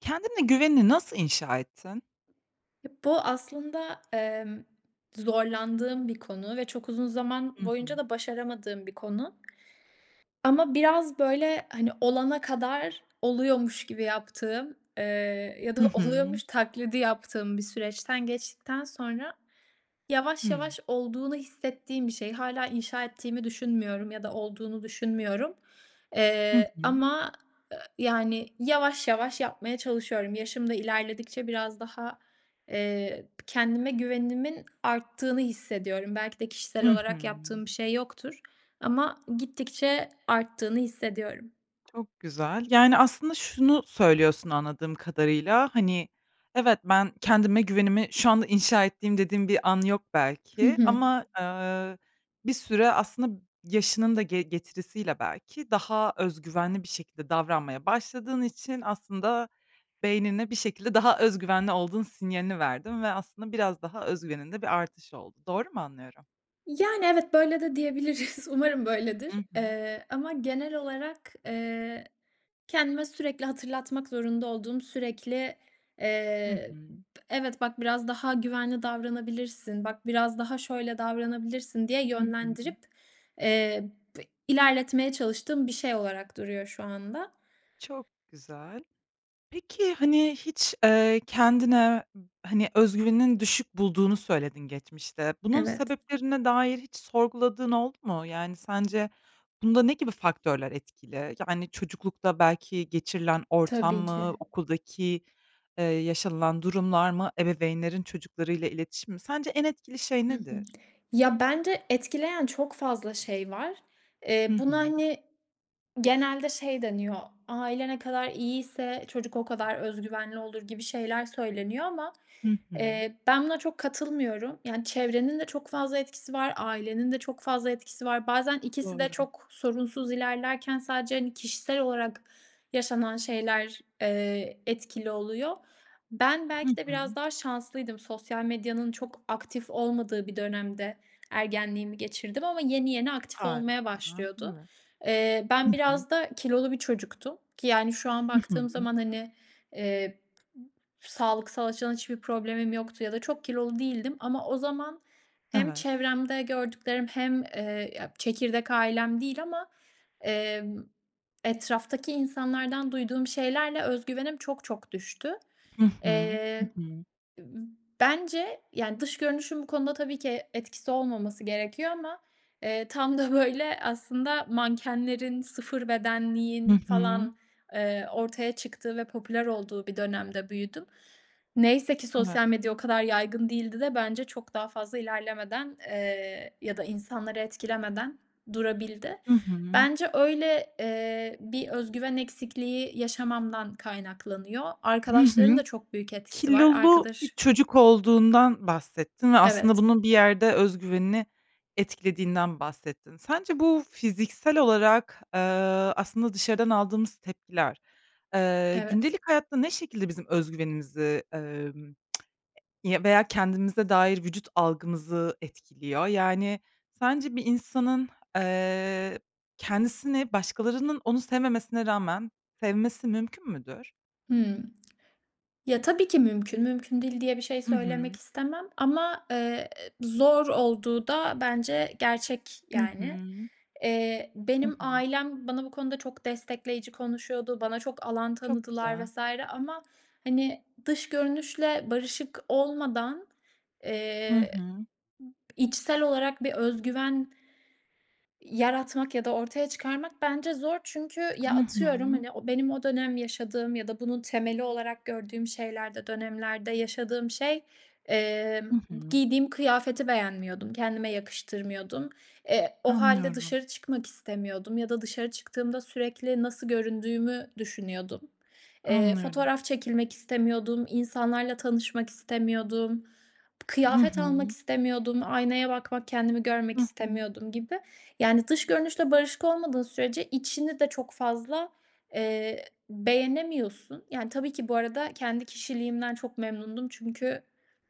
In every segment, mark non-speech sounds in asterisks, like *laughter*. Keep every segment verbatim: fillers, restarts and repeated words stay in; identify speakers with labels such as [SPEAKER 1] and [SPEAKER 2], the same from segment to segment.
[SPEAKER 1] Kendine güvenini nasıl inşa ettin?
[SPEAKER 2] Ya, bu aslında, emm, zorlandığım bir konu ve çok uzun zaman
[SPEAKER 1] Hı
[SPEAKER 2] boyunca
[SPEAKER 1] hı.
[SPEAKER 2] da başaramadığım bir konu. Ama biraz, böyle, hani, olana kadar oluyormuş gibi yaptığım, eee, ya
[SPEAKER 1] I
[SPEAKER 2] da
[SPEAKER 1] hı.
[SPEAKER 2] oluyormuş taklidi yaptığım bir süreçten geçtikten sonra yavaş
[SPEAKER 1] Hıı.
[SPEAKER 2] yavaş olduğunu hissettiğim bir şey. Hâlâ inşa ettiğimi düşünmüyorum ya da olduğunu düşünmüyorum,
[SPEAKER 1] Hı
[SPEAKER 2] eee,
[SPEAKER 1] hı.
[SPEAKER 2] ama, ııı, yani, yavaş yavaş yapmaya çalışıyorum. Yaşım da ilerledikçe biraz daha, eee, kendime güvenimin arttığını hissediyorum. Belki de kişisel
[SPEAKER 1] Hı hı.
[SPEAKER 2] olarak yaptığım bir şey yoktur ama gittikçe arttığını hissediyorum.
[SPEAKER 1] Çok güzel. Yani, aslında şunu söylüyorsun anladığım kadarıyla, hani, evet, ben, kendime güvenimi şu anda inşa ettiğim dediğim bir an yok
[SPEAKER 2] Hı
[SPEAKER 1] belki,
[SPEAKER 2] hı.
[SPEAKER 1] ama, ııı, bir süre aslında yaşının da ge getirisiyle belki daha öz güvenli bir şekilde davranmaya başladığın için aslında beynine bir şekilde daha öz güvenli olduğun sinyalini verdin ve aslında biraz daha öz güveninde bir artış oldu. Doğru mu anlıyorum?
[SPEAKER 2] Yani, evet, böyle de diyebiliriz. Umarım
[SPEAKER 1] Hı
[SPEAKER 2] böyledir.
[SPEAKER 1] hı.
[SPEAKER 2] Eee, ama genel olarak, eee, kendime sürekli hatırlatmak zorunda olduğum, sürekli,
[SPEAKER 1] Hı
[SPEAKER 2] eee, b
[SPEAKER 1] hı.
[SPEAKER 2] evet, bak biraz daha güvenli davranabilirsin, bak biraz daha şöyle davranabilirsin diye
[SPEAKER 1] Hı hı.
[SPEAKER 2] yönlendirip, eee, bi ilerletmeye çalıştığım bir şey olarak duruyor şu anda.
[SPEAKER 1] Çok güzel. Peki, hani, hiç, eee, kendine b hani öz güveninin düşük bulduğunu söyledin geçmişte. Bunun
[SPEAKER 2] Evet.
[SPEAKER 1] sebeplerine dair hiç sorguladığın oldu mu? Yani sence bunda ne gibi faktörler etkili? Yani, çocuklukta belki geçirilen ortam
[SPEAKER 2] Tabii
[SPEAKER 1] mı,
[SPEAKER 2] ki.
[SPEAKER 1] okuldaki, eee, yaşanılan durumlar mı, ebeveynlerin çocuklarıyla iletişimi mi? Sence en etkili şey
[SPEAKER 2] Hı hı.
[SPEAKER 1] nedir?
[SPEAKER 2] ya, bence etkileyen çok fazla şey var.
[SPEAKER 1] Hı
[SPEAKER 2] Eee, buna,
[SPEAKER 1] hı.
[SPEAKER 2] hani, genelde şey deniyor. Aile ne kadar iyiyse çocuk o kadar öz güvenli olur gibi şeyler söyleniyor ama,
[SPEAKER 1] Hı hı.
[SPEAKER 2] eee, ben buna çok katılmıyorum. Yani, çevrenin de çok fazla etkisi var. Ailenin de çok fazla etkisi var. Bazen ikisi de
[SPEAKER 1] Doğru.
[SPEAKER 2] çok sorunsuz ilerlerken sadece, hani, kişisel olarak yaşanan şeyler, eee, etkili oluyor. Ben
[SPEAKER 1] Hı
[SPEAKER 2] belki de biraz
[SPEAKER 1] hı.
[SPEAKER 2] daha şanslıydım. Sosyal medyanın çok aktif olmadığı bir dönemde ergenliğimi geçirdim ama yeni yeni aktif olmaya
[SPEAKER 1] Harika,
[SPEAKER 2] başlıyordu.
[SPEAKER 1] evet.
[SPEAKER 2] Eee,
[SPEAKER 1] Hı
[SPEAKER 2] ben
[SPEAKER 1] hı.
[SPEAKER 2] biraz da kilolu bir çocuktum ki yani şu an
[SPEAKER 1] Hı
[SPEAKER 2] baktığım
[SPEAKER 1] hı.
[SPEAKER 2] zaman, hani, eee, p sağlıksal açıdan hiçbir problemim yoktu ya da çok kilolu değildim ama o zaman hem
[SPEAKER 1] Evet.
[SPEAKER 2] çevremde gördüklerim hem, eee, ya çekirdek ailem değil ama, emm, etraftaki insanlardan duyduğum şeylerle öz güvenim çok çok düştü.
[SPEAKER 1] Hı hı, hı
[SPEAKER 2] Eee,
[SPEAKER 1] hı.
[SPEAKER 2] b bence, yani, dış görünüşün bu konuda tabii ki etkisi olmaması gerekiyor ama, eee, tam da böyle aslında mankenlerin, sıfır
[SPEAKER 1] Hı
[SPEAKER 2] bedenliğin
[SPEAKER 1] hı.
[SPEAKER 2] falan, eee, ortaya çıktığı ve popüler olduğu bir dönemde büyüdüm. Neyse ki
[SPEAKER 1] Evet.
[SPEAKER 2] sosyal medya o kadar yaygın değildi de bence çok daha fazla ilerlemeden, eee, ya da insanları etkilemeden durabildi.
[SPEAKER 1] Hı hı.
[SPEAKER 2] Bence öyle, eee, bir öz güven eksikliği yaşamamdan kaynaklanıyor.
[SPEAKER 1] Hı hı.
[SPEAKER 2] Arkadaşlarında çok büyük etkisi var.
[SPEAKER 1] Kilolu bir
[SPEAKER 2] Arkadaşım
[SPEAKER 1] çocuk olduğundan bahsettin ve aslında
[SPEAKER 2] Evet.
[SPEAKER 1] bunun bir yerde öz güvenini etkilediğinden bahsettin. Sence bu fiziksel olarak, eee, aslında dışarıdan aldığımız tepkiler, eee,
[SPEAKER 2] Evet.
[SPEAKER 1] gündelik hayatta ne şekilde bizim öz güvenimizi, emm, *smacks lips* veya kendimize dair vücut algımızı etkiliyor? Yani sence bir insanın, eee, kendisini başkalarının onu sevmemesine rağmen sevmesi mümkün müdür?
[SPEAKER 2] Hıı. Ya, tabii ki mümkün. Mümkün değil diye bir şey
[SPEAKER 1] Hı
[SPEAKER 2] söylemek
[SPEAKER 1] hı.
[SPEAKER 2] istemem ama, eee, zor olduğu da bence gerçek,
[SPEAKER 1] Hı
[SPEAKER 2] yani.
[SPEAKER 1] hı.
[SPEAKER 2] Eee,
[SPEAKER 1] Hı
[SPEAKER 2] benim
[SPEAKER 1] hı.
[SPEAKER 2] ailem bana bu konuda çok destekleyici konuşuyordu, bana çok alan
[SPEAKER 1] Çok
[SPEAKER 2] tanıdılar
[SPEAKER 1] güzel.
[SPEAKER 2] vs. ama, hani, dış görünüşle barışık olmadan,
[SPEAKER 1] Hı
[SPEAKER 2] eee,
[SPEAKER 1] hı.
[SPEAKER 2] içsel olarak bir öz güven yaratmak ya da ortaya çıkarmak bence zor. Çünkü ya,
[SPEAKER 1] Hı
[SPEAKER 2] atıyorum,
[SPEAKER 1] hı.
[SPEAKER 2] hani, o benim o dönem yaşadığım ya da bunun temeli olarak gördüğüm şeylerde, dönemlerde yaşadığım şey,
[SPEAKER 1] Hı
[SPEAKER 2] emm,
[SPEAKER 1] hı.
[SPEAKER 2] giydiğim kıyafeti beğenmiyordum, kendime yakıştırmıyordum. Eee, o hâlde
[SPEAKER 1] Anlıyorum.
[SPEAKER 2] dışarı çıkmak istemiyordum ya da dışarı çıktığımda sürekli nasıl göründüğümü düşünüyordum. Eee,
[SPEAKER 1] Anlıyorum.
[SPEAKER 2] fotoğraf çekilmek istemiyordum, insanlarla tanışmak istemiyordum.
[SPEAKER 1] Hı
[SPEAKER 2] Kıyafet almak
[SPEAKER 1] hı.
[SPEAKER 2] istemiyordum, aynaya bakmak, kendimi görmek
[SPEAKER 1] Hı hı.
[SPEAKER 2] istemiyordum gibi. Yani, dış görünüşle barışık olmadığın sürece içini de çok fazla, eee, beğenemiyorsun. Yani, tabii ki bu arada kendi kişiliğimden çok memnundum çünkü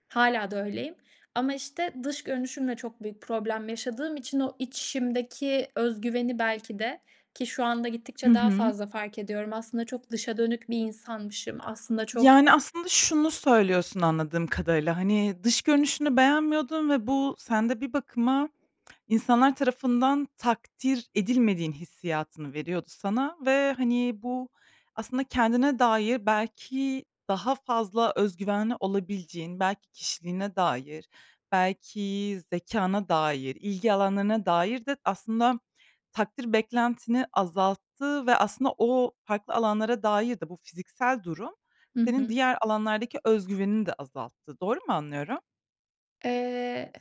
[SPEAKER 2] hâlâ da öyleyim, ama, işte, dış görünüşümle çok büyük problem yaşadığım için o içimdeki öz güveni belki de ki şu anda
[SPEAKER 1] Hı
[SPEAKER 2] gittikçe daha
[SPEAKER 1] hı.
[SPEAKER 2] fazla fark ediyorum, aslında çok dışa dönük bir insanmışım, aslında çok
[SPEAKER 1] Yani, aslında şunu söylüyorsun anladığım kadarıyla, hani, dış görünüşünü beğenmiyordun ve bu sende bir bakıma insanlar tarafından takdir edilmediğin hissiyatını veriyordu sana ve, hani, bu aslında kendine dair belki daha fazla öz güvenli olabileceğin, belki kişiliğine dair, belki zekâna dair, ilgi alanlarına dair de aslında takdir beklentini azalttı ve aslında o farklı alanlara dair de bu fiziksel durum,
[SPEAKER 2] Hı
[SPEAKER 1] senin
[SPEAKER 2] hı.
[SPEAKER 1] diğer alanlardaki öz güvenini de azalttı. Doğru mu anlıyorum?
[SPEAKER 2] Eee,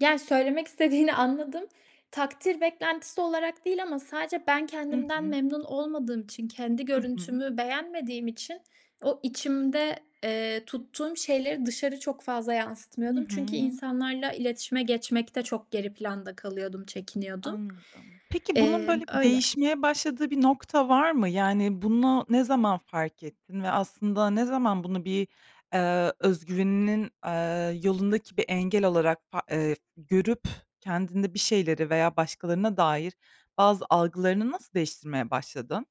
[SPEAKER 2] ya, söylemek istediğini anladım. Takdir beklentisi olarak değil ama sadece ben
[SPEAKER 1] Hı
[SPEAKER 2] kendimden
[SPEAKER 1] hı.
[SPEAKER 2] memnun olmadığım için, kendi
[SPEAKER 1] Hı hı.
[SPEAKER 2] görüntümü beğenmediğim için o içimde, eee, tuttuğum şeyleri dışarı çok fazla
[SPEAKER 1] Hı
[SPEAKER 2] yansıtmıyordum çünkü
[SPEAKER 1] hı.
[SPEAKER 2] insanlarla iletişime geçmekte çok geri planda kalıyordum, çekiniyordum.
[SPEAKER 1] Anladım. Peki, bunun,
[SPEAKER 2] Emm,
[SPEAKER 1] böyle, bir
[SPEAKER 2] öyle.
[SPEAKER 1] değişmeye başladığı bir nokta var mı? Yani, bunu ne zaman fark ettin ve aslında ne zaman bunu bir, eee, öz güveninin, eee, yolundaki bir engel olarak pa eee, görüp kendinde bir şeyleri veya başkalarına dair bazı algılarını nasıl değiştirmeye başladın?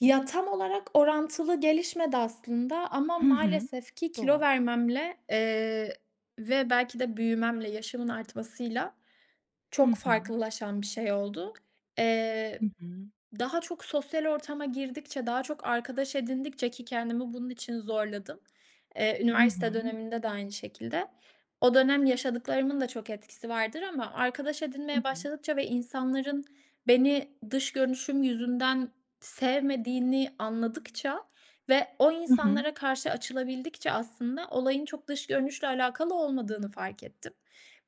[SPEAKER 2] Ya, tam olarak orantılı gelişmedi aslında ama
[SPEAKER 1] Hı hı,
[SPEAKER 2] maalesef ki kilo
[SPEAKER 1] doğal.
[SPEAKER 2] vermemle, eee, ve belki de büyümemle, yaşımın artmasıyla
[SPEAKER 1] Hı
[SPEAKER 2] çok
[SPEAKER 1] hı.
[SPEAKER 2] farklılaşan bir şey oldu. Eee,
[SPEAKER 1] Hı hı.
[SPEAKER 2] daha çok sosyal ortama girdikçe, daha çok arkadaş edindikçe ki kendimi bunun için zorladım. Eee,
[SPEAKER 1] Hı
[SPEAKER 2] üniversite
[SPEAKER 1] hı.
[SPEAKER 2] döneminde de aynı şekilde. O dönem yaşadıklarımın da çok etkisi vardır ama arkadaş
[SPEAKER 1] Hı
[SPEAKER 2] edinmeye
[SPEAKER 1] hı.
[SPEAKER 2] başladıkça ve insanların beni dış görünüşüm yüzünden sevmediğini anladıkça ve o
[SPEAKER 1] Hı hı.
[SPEAKER 2] insanlara karşı açılabildikçe aslında olayın çok dış görünüşle alakalı olmadığını fark ettim.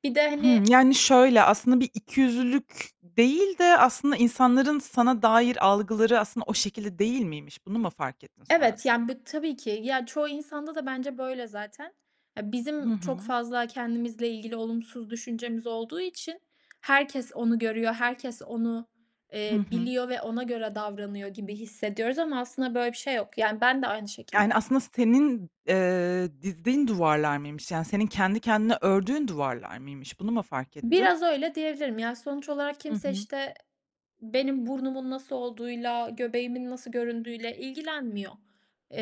[SPEAKER 2] Bir de,
[SPEAKER 1] Hımm,
[SPEAKER 2] hani
[SPEAKER 1] yani, şöyle, aslında bir ikiyüzlülük değil de, aslında, insanların sana dair algıları aslında o şekilde değil miymiş, bunu mu fark ettin
[SPEAKER 2] Evet,
[SPEAKER 1] sonrasında?
[SPEAKER 2] yani, bü tabii ki. Ya, çoğu insanda da bence böyle zaten. Ya,
[SPEAKER 1] Hı
[SPEAKER 2] bizim çok
[SPEAKER 1] hı.
[SPEAKER 2] fazla kendimizle ilgili olumsuz düşüncemiz olduğu için herkes onu görüyor, herkes onu,
[SPEAKER 1] Hı
[SPEAKER 2] eee,
[SPEAKER 1] hı.
[SPEAKER 2] biliyor ve ona göre davranıyor gibi hissediyoruz ama aslında böyle bir şey yok, yani, ben de aynı
[SPEAKER 1] Yani,
[SPEAKER 2] şekilde.
[SPEAKER 1] aslında senin, eee, dizdiğin duvarlar mıymış? Yani, senin kendi kendine ördüğün duvarlar mıymış? Bunu mu fark ettin?
[SPEAKER 2] Biraz öyle diyebilirim. Ya, sonuç olarak
[SPEAKER 1] Hı
[SPEAKER 2] kimse,
[SPEAKER 1] hı.
[SPEAKER 2] işte, benim burnumun nasıl olduğuyla, göbeğimin nasıl göründüğüyle ilgilenmiyor.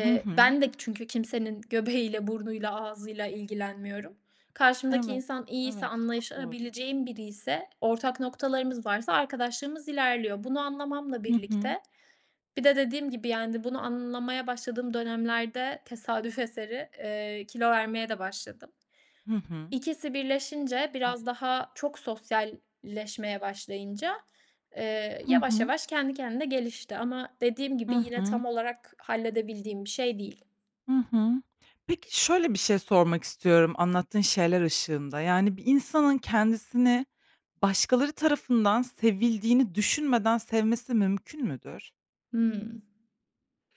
[SPEAKER 1] Hı hı.
[SPEAKER 2] ben de çünkü kimsenin göbeğiyle, burnuyla, ağzıyla ilgilenmiyorum. Karşımdaki
[SPEAKER 1] Evet,
[SPEAKER 2] insan iyiyse,
[SPEAKER 1] evet. Çok doğru.
[SPEAKER 2] anlaşabileceğim biriyse, ortak noktalarımız varsa arkadaşlığımız ilerliyor. Bunu anlamamla
[SPEAKER 1] Hı hı.
[SPEAKER 2] birlikte bir de dediğim gibi, yani, bunu anlamaya başladığım dönemlerde tesadüf eseri, eee, kilo vermeye de başladım.
[SPEAKER 1] Hı hı.
[SPEAKER 2] İkisi birleşince
[SPEAKER 1] A
[SPEAKER 2] biraz daha çok sosyalleşmeye başlayınca, eee,
[SPEAKER 1] Hı
[SPEAKER 2] yavaş
[SPEAKER 1] hı.
[SPEAKER 2] yavaş kendi kendine gelişti ama dediğim gibi
[SPEAKER 1] Hı
[SPEAKER 2] yine
[SPEAKER 1] hı.
[SPEAKER 2] tam olarak halledebildiğim bir şey değil.
[SPEAKER 1] Hı hı. Peki, şöyle bir şey sormak istiyorum anlattığın şeyler ışığında. Yani, bir insanın kendisini başkaları tarafından sevildiğini düşünmeden sevmesi mümkün müdür?
[SPEAKER 2] Hıı.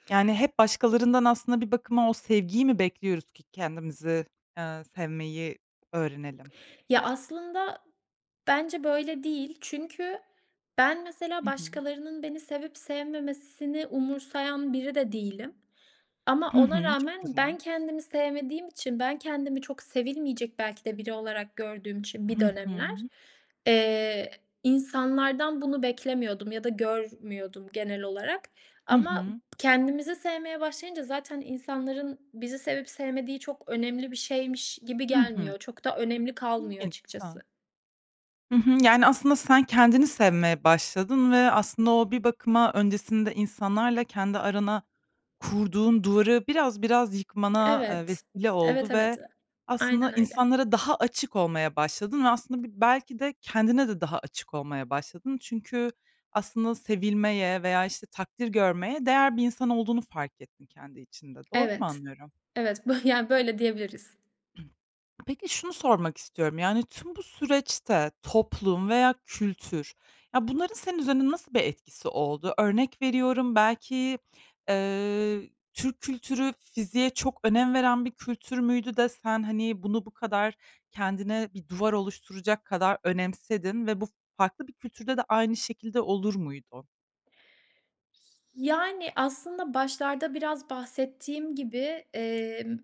[SPEAKER 1] Yani, hep başkalarından aslında bir bakıma o sevgiyi mi bekliyoruz ki kendimizi, eee, sevmeyi öğrenelim?
[SPEAKER 2] Ya, aslında, bence böyle değil. Çünkü ben, mesela
[SPEAKER 1] Hı hı.
[SPEAKER 2] başkalarının beni sevip sevmemesini umursayan biri de değilim. Ama
[SPEAKER 1] Hı
[SPEAKER 2] ona
[SPEAKER 1] hı. Çok
[SPEAKER 2] rağmen ben
[SPEAKER 1] güzel.
[SPEAKER 2] kendimi sevmediğim için, ben kendimi çok sevilmeyecek belki de biri olarak gördüğüm için bir
[SPEAKER 1] Hı
[SPEAKER 2] dönemler,
[SPEAKER 1] hı.
[SPEAKER 2] eee, insanlardan bunu beklemiyordum ya da görmüyordum genel olarak.
[SPEAKER 1] Hı
[SPEAKER 2] Ama
[SPEAKER 1] hı.
[SPEAKER 2] kendimizi sevmeye başlayınca zaten insanların bizi sevip sevmediği çok önemli bir şeymiş gibi
[SPEAKER 1] Hı hı.
[SPEAKER 2] gelmiyor. Çok da önemli kalmıyor
[SPEAKER 1] İlginç, güzel.
[SPEAKER 2] açıkçası.
[SPEAKER 1] Hı hı. Yani, aslında sen, kendini sevmeye başladın ve aslında o bir bakıma öncesinde insanlarla kendi arana kurduğun duvarı biraz biraz yıkmana, eee,
[SPEAKER 2] Evet.
[SPEAKER 1] vesile
[SPEAKER 2] Evet,
[SPEAKER 1] oldu
[SPEAKER 2] evet.
[SPEAKER 1] ve aslında
[SPEAKER 2] Aynen öyle.
[SPEAKER 1] insanlara daha açık olmaya başladın ve aslında bi belki de kendine de daha açık olmaya başladın. Çünkü aslında sevilmeye veya, işte, takdir görmeye değer bir insan olduğunu fark ettin kendi içinde. Doğru mu
[SPEAKER 2] Evet.
[SPEAKER 1] anlıyorum?
[SPEAKER 2] Evet. Bö yani, böyle diyebiliriz.
[SPEAKER 1] Peki şunu sormak istiyorum: Yani, tüm bu süreçte toplum veya kültür ya, bunların senin üzerinde nasıl bir etkisi oldu? Örnek veriyorum belki, eee, Türk kültürü fiziğe çok önem veren bir kültür müydü de sen hani bunu bu kadar kendine bir duvar oluşturacak kadar önemsedin ve bu farklı bir kültürde de aynı şekilde olur muydu?
[SPEAKER 2] Yani, aslında başlarda biraz bahsettiğim gibi, emm,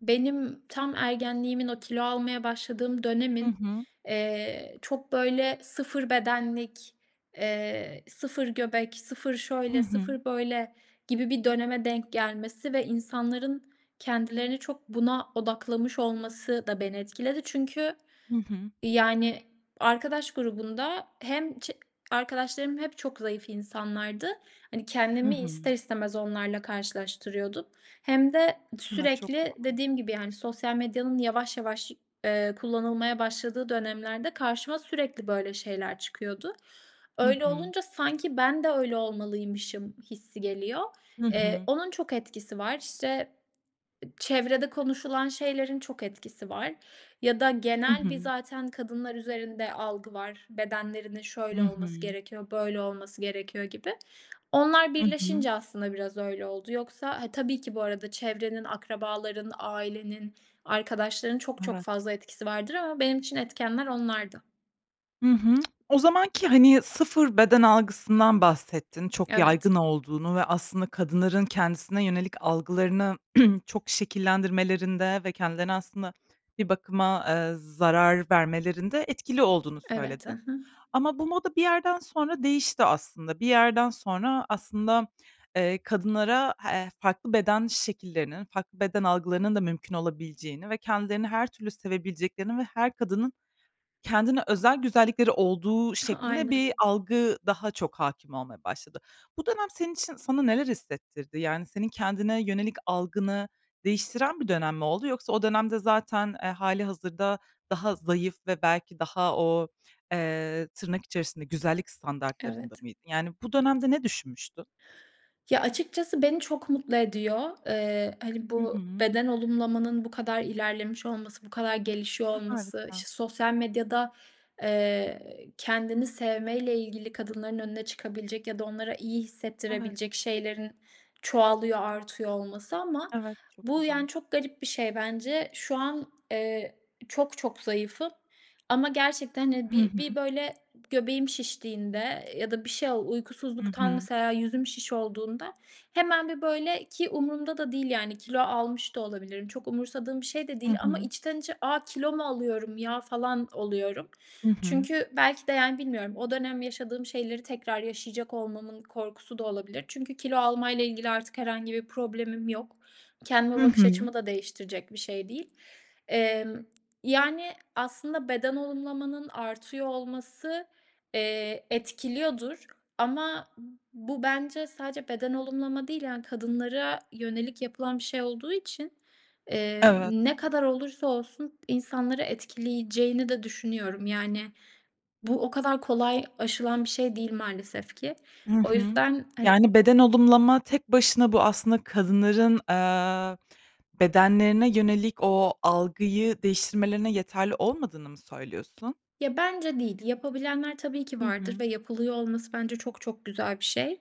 [SPEAKER 2] benim tam ergenliğimin, o kilo almaya başladığım
[SPEAKER 1] Hı
[SPEAKER 2] dönemin,
[SPEAKER 1] hı.
[SPEAKER 2] eee, çok, böyle, sıfır bedenlik, eee, sıfır göbek, sıfır
[SPEAKER 1] Hı
[SPEAKER 2] şöyle,
[SPEAKER 1] hı.
[SPEAKER 2] sıfır böyle gibi bir döneme denk gelmesi ve insanların kendilerini çok buna odaklamış olması da beni etkiledi çünkü,
[SPEAKER 1] Hı hı.
[SPEAKER 2] eee, yani, arkadaş grubunda hem çe arkadaşlarım hep çok zayıf insanlardı. Hani,
[SPEAKER 1] Hı
[SPEAKER 2] kendimi ister
[SPEAKER 1] hı.
[SPEAKER 2] istemez onlarla karşılaştırıyordum hem de
[SPEAKER 1] Evet, çok
[SPEAKER 2] sürekli,
[SPEAKER 1] doğru.
[SPEAKER 2] dediğim gibi, yani sosyal medyanın yavaş yavaş, eee, kullanılmaya başladığı dönemlerde karşıma sürekli böyle şeyler çıkıyordu.
[SPEAKER 1] Hı
[SPEAKER 2] Öyle
[SPEAKER 1] hı.
[SPEAKER 2] olunca sanki ben de öyle olmalıymışım hissi geliyor.
[SPEAKER 1] Hı
[SPEAKER 2] Eee,
[SPEAKER 1] hı.
[SPEAKER 2] onun çok etkisi var. İşte ı çevrede konuşulan şeylerin çok etkisi var ya da
[SPEAKER 1] Hı
[SPEAKER 2] genel bir
[SPEAKER 1] hı.
[SPEAKER 2] zaten kadınlar üzerinde algı var, bedenlerinin
[SPEAKER 1] Hı
[SPEAKER 2] şöyle olması
[SPEAKER 1] hı.
[SPEAKER 2] gerekiyor, böyle olması gerekiyor gibi. Onlar
[SPEAKER 1] Hı hı.
[SPEAKER 2] birleşince aslında biraz öyle oldu yoksa ha, tabii ki, bu arada, çevrenin, akrabaların, ailenin, arkadaşların çok çok
[SPEAKER 1] Evet.
[SPEAKER 2] fazla etkisi vardır ama benim için etkenler onlardı.
[SPEAKER 1] Hı hı. O zamanki, hani, sıfır beden algısından bahsettin, çok
[SPEAKER 2] Evet.
[SPEAKER 1] yaygın olduğunu ve aslında kadınların kendisine yönelik algılarını *clears throat* çok şekillendirmelerinde ve kendilerine aslında, bir bakıma, eee, zarar vermelerinde etkili olduğunu
[SPEAKER 2] Evet. Hı
[SPEAKER 1] söyledin.
[SPEAKER 2] hı.
[SPEAKER 1] Ama bu moda bir yerden sonra değişti aslında. Bir yerden sonra aslında, eee, kadınlara, h farklı beden şekillerinin, farklı beden algılarının da mümkün olabileceğini ve kendilerini her türlü sevebileceklerini ve her kadının kendine özel güzellikleri olduğu
[SPEAKER 2] *chuckles*
[SPEAKER 1] şeklinde
[SPEAKER 2] Aynen.
[SPEAKER 1] bir algı daha çok hâkim olmaya başladı. Bu dönem senin için sana neler hissettirdi? Yani senin kendine yönelik algını değiştiren bir dönem mi oldu yoksa o dönemde zaten, eee, hâlihazırda daha zayıf ve belki daha o, eee, tırnak içerisinde güzellik standartlarında
[SPEAKER 2] Evet.
[SPEAKER 1] mıydın? Yani bu dönemde ne düşünmüştün?
[SPEAKER 2] Ya, açıkçası beni çok mutlu ediyor. Eee, hani
[SPEAKER 1] Hı
[SPEAKER 2] bu
[SPEAKER 1] hı.
[SPEAKER 2] beden olumlamanın bu kadar ilerlemiş olması, bu kadar gelişiyor
[SPEAKER 1] A,
[SPEAKER 2] olması,
[SPEAKER 1] harika.
[SPEAKER 2] işte, sosyal medyada, eee, kendini sevmeyle ilgili kadınların önüne çıkabilecek ya da onlara iyi
[SPEAKER 1] Evet.
[SPEAKER 2] hissettirebilecek şeylerin çoğalıyor, artıyor olması ama
[SPEAKER 1] Evet. Çok
[SPEAKER 2] bu yani
[SPEAKER 1] güzel.
[SPEAKER 2] çok garip bir şey bence. Şu an, eee, çok çok zayıfım ama gerçekten, hani,
[SPEAKER 1] Hı
[SPEAKER 2] bir bir
[SPEAKER 1] hı.
[SPEAKER 2] böyle göbeğim şiştiğinde ya da bir şey ol
[SPEAKER 1] Hı
[SPEAKER 2] uykusuzluktan,
[SPEAKER 1] hı.
[SPEAKER 2] mesela, yüzüm şiş olduğunda hemen bir böyle ki umurumda da değil yani kilo almış da olabilirim. Çok umursadığım bir şey de
[SPEAKER 1] Hı
[SPEAKER 2] değil ama
[SPEAKER 1] hı.
[SPEAKER 2] içten içe "A! Kilo mu alıyorum ya!" falan oluyorum.
[SPEAKER 1] Hı hı.
[SPEAKER 2] Çünkü belki de, yani bilmiyorum o dönem yaşadığım şeyleri tekrar yaşayacak olmamın korkusu da olabilir çünkü kilo alma ile ilgili artık herhangi bir problemim yok. Kendime
[SPEAKER 1] Hı
[SPEAKER 2] bakış
[SPEAKER 1] hı.
[SPEAKER 2] açımı da değiştirecek bir şey değil. Emm, yani aslında beden olumlamanın artıyor olması, eee, etkiliyordur ama bu bence sadece beden olumlama değil, yani kadınlara yönelik yapılan bir şey olduğu için, emm,
[SPEAKER 1] Evet.
[SPEAKER 2] ne kadar olursa olsun insanları etkileyeceğini de düşünüyorum. Yani bu, o kadar kolay aşılan bir şey değil maalesef ki.
[SPEAKER 1] Hı
[SPEAKER 2] O
[SPEAKER 1] hı.
[SPEAKER 2] yüzden hani
[SPEAKER 1] Yani beden olumlama tek başına bu, aslında, kadınların, eee, bedenlerine yönelik o algıyı değiştirmelerine yeterli olmadığını mı söylüyorsun?
[SPEAKER 2] Ya, bence değil, yapabilenler tabii ki
[SPEAKER 1] Hı
[SPEAKER 2] vardır
[SPEAKER 1] hı.
[SPEAKER 2] ve yapılıyor olması bence çok çok güzel bir şey.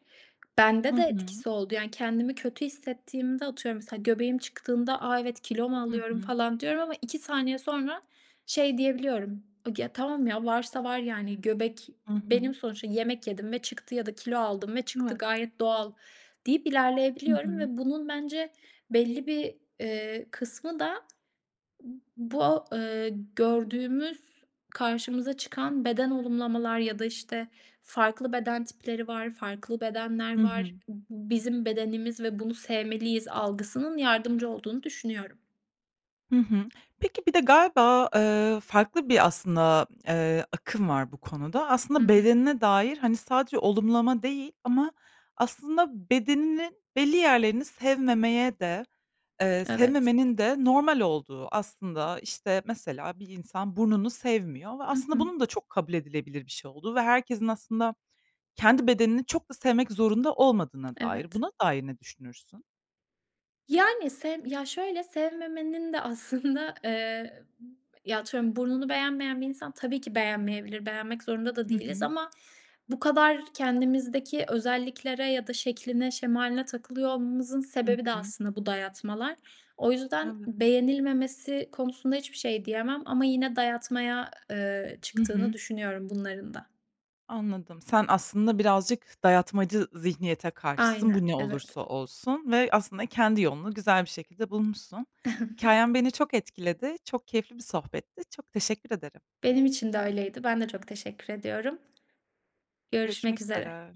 [SPEAKER 1] Hı
[SPEAKER 2] Bende de
[SPEAKER 1] hı.
[SPEAKER 2] etkisi oldu yani kendimi kötü hissettiğimde, atıyorum, mesela göbeğim çıktığında "A! Evet. Kilo mu
[SPEAKER 1] Hı
[SPEAKER 2] alıyorum?"
[SPEAKER 1] hı.
[SPEAKER 2] falan diyorum ama iki saniye sonra şey diyebiliyorum, o gi "Ya, tamam ya, varsa var yani, göbek
[SPEAKER 1] Hı
[SPEAKER 2] benim
[SPEAKER 1] hı.
[SPEAKER 2] sonuçta, yemek yedim ve çıktı ya da kilo aldım ve çıktı,
[SPEAKER 1] Evet.
[SPEAKER 2] gayet doğal." deyip
[SPEAKER 1] Hı
[SPEAKER 2] ilerleyebiliyorum
[SPEAKER 1] hı.
[SPEAKER 2] ve bunun bence belli bir, eee, kısmı da bu, eee, gördüğümüz karşımıza çıkan beden olumlamalar ya da, işte, farklı beden tipleri var, farklı bedenler
[SPEAKER 1] Hı hı.
[SPEAKER 2] var, b "bizim bedenimiz ve bunu sevmeliyiz" algısının yardımcı olduğunu düşünüyorum.
[SPEAKER 1] Hı hı. Peki, bir de galiba, eee, farklı bir, aslında, eee, akım var bu konuda.
[SPEAKER 2] Hı
[SPEAKER 1] Aslında
[SPEAKER 2] hı.
[SPEAKER 1] bedenine dair, hani, sadece olumlama değil ama aslında bedeninin belli yerlerini sevmemeye de, eee,
[SPEAKER 2] Evet.
[SPEAKER 1] sevmemenin de normal olduğu. Aslında, işte, mesela, bir insan burnunu sevmiyor ve
[SPEAKER 2] Hı
[SPEAKER 1] aslında
[SPEAKER 2] hı.
[SPEAKER 1] bunun da çok kabul edilebilir bir şey olduğu ve herkesin, aslında, kendi bedenini çok da sevmek zorunda olmadığına dair.
[SPEAKER 2] Evet.
[SPEAKER 1] Buna dair ne düşünürsün?
[SPEAKER 2] Yani. Sevm Ya şöyle, sevmemenin de aslında, eee, ya atıyorum burnunu beğenmeyen bir insan, tabii ki beğenmeyebilir. Beğenmek zorunda da
[SPEAKER 1] Hı
[SPEAKER 2] değiliz
[SPEAKER 1] hı.
[SPEAKER 2] ama bu kadar kendimizdeki özelliklere ya da şekline şemaline takılıyor olmamızın
[SPEAKER 1] Hı
[SPEAKER 2] sebebi de
[SPEAKER 1] hı.
[SPEAKER 2] aslında bu dayatmalar. O yüzden
[SPEAKER 1] Evet.
[SPEAKER 2] beğenilmemesi konusunda hiçbir şey diyemem ama yine dayatmaya, eee,
[SPEAKER 1] Hı
[SPEAKER 2] çıktığını
[SPEAKER 1] hı.
[SPEAKER 2] düşünüyorum bunların da.
[SPEAKER 1] Anladım. Sen aslında, birazcık dayatmacı zihniyete karşısın,
[SPEAKER 2] Aynen
[SPEAKER 1] bu ne
[SPEAKER 2] evet.
[SPEAKER 1] olursa olsun ve aslında kendi yolunu güzel bir şekilde bulmuşsun.
[SPEAKER 2] *chuckles*
[SPEAKER 1] Hikâyen beni çok etkiledi, çok keyifli bir sohbetti, çok teşekkür ederim.
[SPEAKER 2] Benim için de öyleydi. Ben de çok teşekkür ediyorum.
[SPEAKER 1] Görüşmek
[SPEAKER 2] Görüşmek üzere.
[SPEAKER 1] üzere.